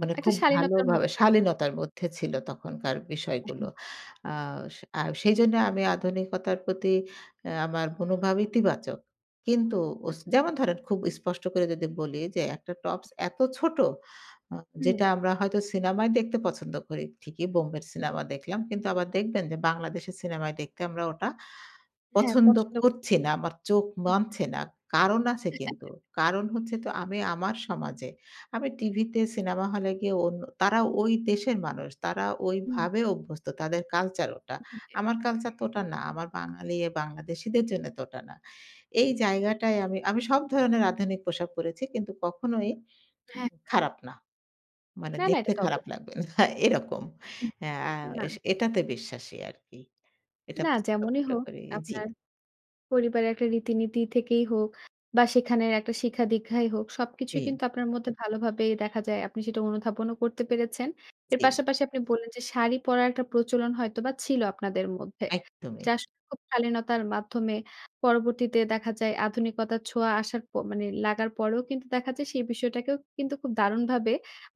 মানে একটা খুব ভালো শালীনতার ভাবে মধ্যে। শালীনতার মধ্যে ছিলো তখনকার অ্যা বিষয়গুলো। হুম। আ সে আ সেইজন্যে আমি আধুনিকতার প্রতি অ্যা আমার মনোভাব ইতিবাচক। কিন্তু অস আচ্ছা। যেমন ধরেন খুব স্পষ্ট করে যদি বলি, যে, একটা টপস এত ছোট আ হুম। যেটা আমরা হয়তো সিনেমায় দেখতে পছন্দ করি ঠিকই বোম্বের সিনেমা দেখলাম কিন্তু আবার দেখবেন যে, বাংলাদেশের সিনেমায় দেখতে আমরা ওটা হ্যাঁ, পছন্দ পছন্দ। করছি না। আমার চোখ মানছে না। কারণ আছে কিন্তু। কারণ হচ্ছে তো আমি আমার সমাজে আমি টিভিতে সিনেমা হলে গিয়ে অন তারা ওই দেশের মানুষ তারা হুম। ওইভাবে অভ্যস্ত তাদের কালচার ওটা। [unintelligible] আমার কালচার তো ওটা না, আমার বাঙালি বাংলাদেশিদের জন্য তো ওটা না। এই জায়গাটায় আমি, আমি সব ধরণের আধুনিক পোশাক পড়েছি কিন্তু কখনোই হ্যাঁ। উম খারাপ না। মানে না, না, দেখতে এটা তো অব খারাপ লাগবে না। না এরকম হ্যাঁ, উহ না। এস এটাতে বিশ্বাসী আরকি। এটা না যেমনই হোক [unintelligible] জি। আপনার পরিবারের একটা রীতিনীতি থেকেই হোক বা সেখানের একটা শিখা-দীক্ষাই হোক সবকিছুই জি। কিন্তু আপনার মধ্যে ভালো ভাবে দেখা যায়। আপনি সেটা অনুধাবনও করতে পেরেছেন। এর জী। পাশাপাশি আপনি বললেন যে, শাড়ি পরার একটা প্রচলন হয়তোবা ছিল আপনাদের মধ্যে। একদমই। যা আসলে খুব শালীনতার মাধ্যমে পরবর্তীতে দেখা যায় আধুনিকতার ছোঁয়া আসার প মানে লাগার পরেও কিন্তু দেখা যায় সেই বিষয়টাকেও কিন্তু খুব দারুণভাবে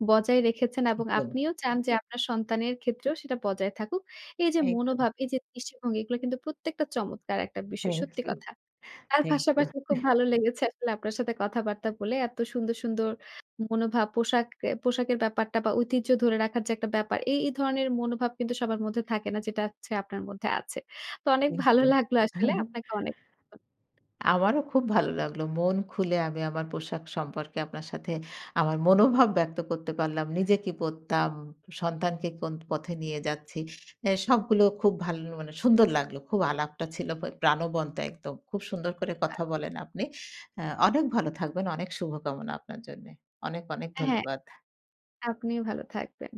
বজায় রেখেছেন এবং একদম। আপনিও চান যে, আপনার সন্তানের ক্ষেত্রেও সেটা বজায় থাকুক। এই যে, একদম। মনোভাব, এই যে, দৃষ্টি-ভঙ্গি এগুলা কিন্তু প্রত্যেকটা চমৎকার একটা বিষয়। থ্যাংক সত্যি ইউ, কথা। তার থ্যাংক ইউ। পাশাপাশি খুব ভালো লেগেছে আসলে আপনার সাথে কথাবার্তা বলে। এত সুন্দর, সুন্দর মনোভাব পোশাক পোশাকের ব্যাপারটা বা ঐতিহ্য ধরে রাখার যে, একটা ব্যাপার এই, এই ধরনের মনোভাব কিন্তু সবার মধ্যে থাকে না যেটা হচ্ছে আপনার মধ্যে আছে। তো অনেক থ্যাংক ভালো ইউ। লাগলো আসলে আপনাকে অনেক আমারও খুব ভালো লাগলো। মন খুলে আমি আমার পোশাক সম্পর্কে আপনার সাথে আমার মনোভাব ব্যক্ত করতে পারলাম। নিজে কি পড়তাম, সন্তানকে কোন পথে নিয়ে যাচ্ছি। অ্যা সবগুলো খুব ভালো মানে সুন্দর লাগলো। খুব আলাপটা ছিল প্রাণবন্ত একদম খুব সুন্দর করে আ কথা বলেন আপনি। অ্যা অনেক ভালো থাকবেন। অনেক শুভকামনা আপনার জন্যে। অনেক, অনেক অ্যা হ্যাঁ। ধন্যবাদ। আপনিও ভালো থাকবেন।